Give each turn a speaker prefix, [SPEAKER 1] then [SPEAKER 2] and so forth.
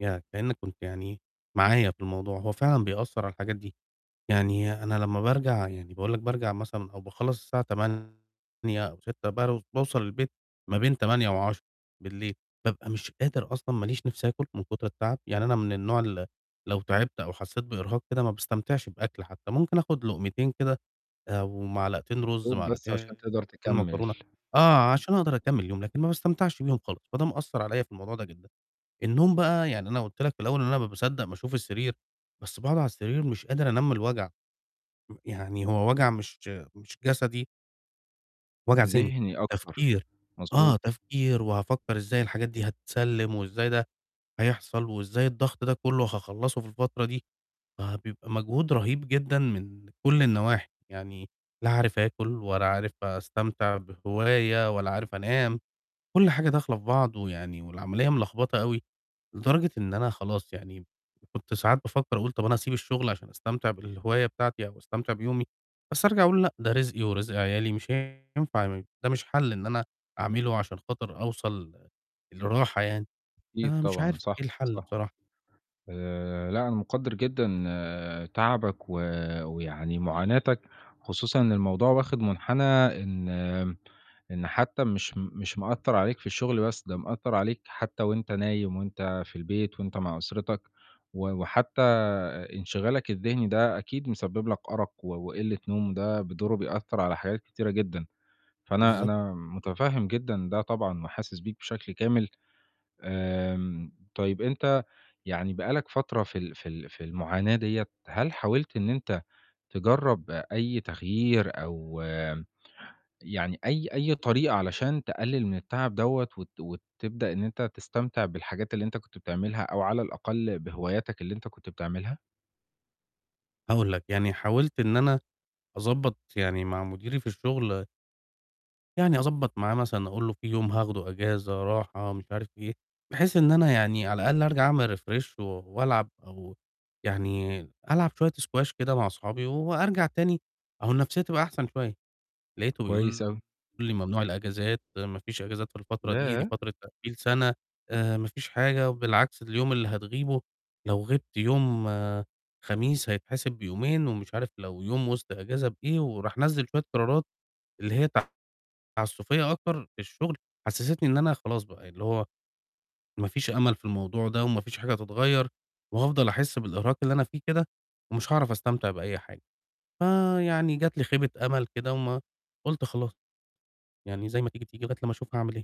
[SPEAKER 1] يعني كإنّك كنت يعني معايا في الموضوع، هو فعلًا بيأثّر على الحاجات دي، يعني أنا لمّا بارجع يعني باقول لك بارجع مثلًا أو باخلّص الساعة 20:00 أو 18:00 بر باوصل البيت ما بين 20:00 و22:00 بابقى مش قادر أصلًا ما ليش نِفْس آكُل من كُتر التعب، يعني أنا من النوع اللي لو تعبت أو حسّيت بإرهاق كده ما باستمتعش بآكُل حتّى، ممكن آخُد لُقمتين كده آآ ومعلقتين
[SPEAKER 2] يا
[SPEAKER 1] رُز،
[SPEAKER 2] دوب بس عشان
[SPEAKER 1] معلقتين
[SPEAKER 2] تقدر تكمّل.
[SPEAKER 1] معكرونة، آه، عشان أقدر أكمّل اليوم، لكن ما باستمتعش بيهم خالص، فده مأثّر عليَّ في الموضوع ده جدًا. النوم بقى يعني أنا قُلت لك في الأول إن أنا ما باصدّق باشوف السرير بس باقعُد على السرير مش قادر أنام من الوجع، م يعني هو وجع مش مش جسدي وجع ذهني،
[SPEAKER 2] ذهني أكتر،
[SPEAKER 1] تفكير، آه،
[SPEAKER 2] مضبوط.
[SPEAKER 1] تفكير وهافكّر إزاي الحاجات دي هتتسلّم وإزاي ده هيحصل، وإزاي الضغط ده كلّه هاخلّصه في الفترة دي، فبيبقى مجهود رهيب جدًا من كلّ النواحي، يعني لا عارف آكُل ولا عارف أستمتع بهواية ولا عارف أنام، كلّ حاجة داخلة في بعض ويعني والعملية ملخبطة أوي، لدرجة إن أنا خلاص يعني م وكنت ساعات بافكّر أقول طَب أنا هاسيب الشُغل عشان أستمتع بالهواية بتاعتي أو أستمتع بيومي، بس أرجع أقول لأ، ده رزقي ورزق عيالي مش هينفع م ده مش حَل إن أنا أعمله عشان خاطر أوصل لراحة يعني،
[SPEAKER 2] أكيد
[SPEAKER 1] أنا مش
[SPEAKER 2] طبعًا،
[SPEAKER 1] عارف
[SPEAKER 2] صح،
[SPEAKER 1] إيه الحَل
[SPEAKER 2] صح.
[SPEAKER 1] بصراحة.
[SPEAKER 2] آآ لأ، أنا مُقدّر جدًا تعبك و ويعني مُعاناتك، خصوصًا إن الموضوع واخِد مُنحنى إن آمم إن حتّى مش مش مأثّر عليك في الشُغل بس، ده مأثّر عليك حتّى وأنت نايم وأنت في البيت وأنت مع أسرتك، و وحتى آآ انشغالك الذهني ده أكيد مسبب لك أرَق و وقلِّة نوم ده بدوره بيأثّر على حاجات كتيرة جدًا، فأنا
[SPEAKER 1] بالضبط.
[SPEAKER 2] أنا مُتفهّم جدًا ده طبعًا وحاسس بيك بشكل كامل، آمم طيب أنت يعني بقى لك فترة في ال في ال في المعاناة دِيّة هل حاولت إن أنت تجرّب أي تغيير أو آمم، يعني أي أي طريقة علشان تقلِّل من التعب دَوّة وت وتبدأ إن أنت تستمتع بالحاجات اللي أنت كنت بتعملها، أو على الأقل بهواياتك اللي أنت كنت بتعملها؟
[SPEAKER 1] هاقول لك، يعني حاولت إن أنا أضبّط يعني مع مُديري في الشُغل يعني أضبّط معاه مثلًا أقول له في يوم هاخده إجازة راحة مش عارف إيه، بحيث إن أنا يعني على الأقل أرجع أعمل refresh و وألعب أو يعني ألعب شوية سكواش كده مع أصحابي وأرجع تاني أهو النَفْسيّة تبقى أحسن شوية، لقيته
[SPEAKER 2] كويس
[SPEAKER 1] بيقول
[SPEAKER 2] أوي.
[SPEAKER 1] لي "ممنوع الإجازات، ما فيش إجازات في الفترة دي، دي
[SPEAKER 2] ياه!
[SPEAKER 1] فترة تقفيل سَنة، آآ ما فيش حاجة وبالعكس اليوم اللي هتغيبه لو غِبت يوم خميس هيتحسب بيومين،" ومش عارف لو يوم وِسط إجازة بإيه وراح نزّل شوية قرارات اللي هي تعسّفيّة أكتر في الشُغل، حسّستني إن أنا خلاص بقى ي اللي هو ما فيش أمل في الموضوع ده وما فيش حاجة هتتغيّر، وهافضل أحِس بالإرهاق اللي أنا فيه كده، ومش هاعرف أستمتع بأي حاجة، فيعني جات لي خيبة أمل كده وما قُلت خلاص، يعني زي ما تيجي، تيجي لغاية لمّا أشوف هاعمل إيه.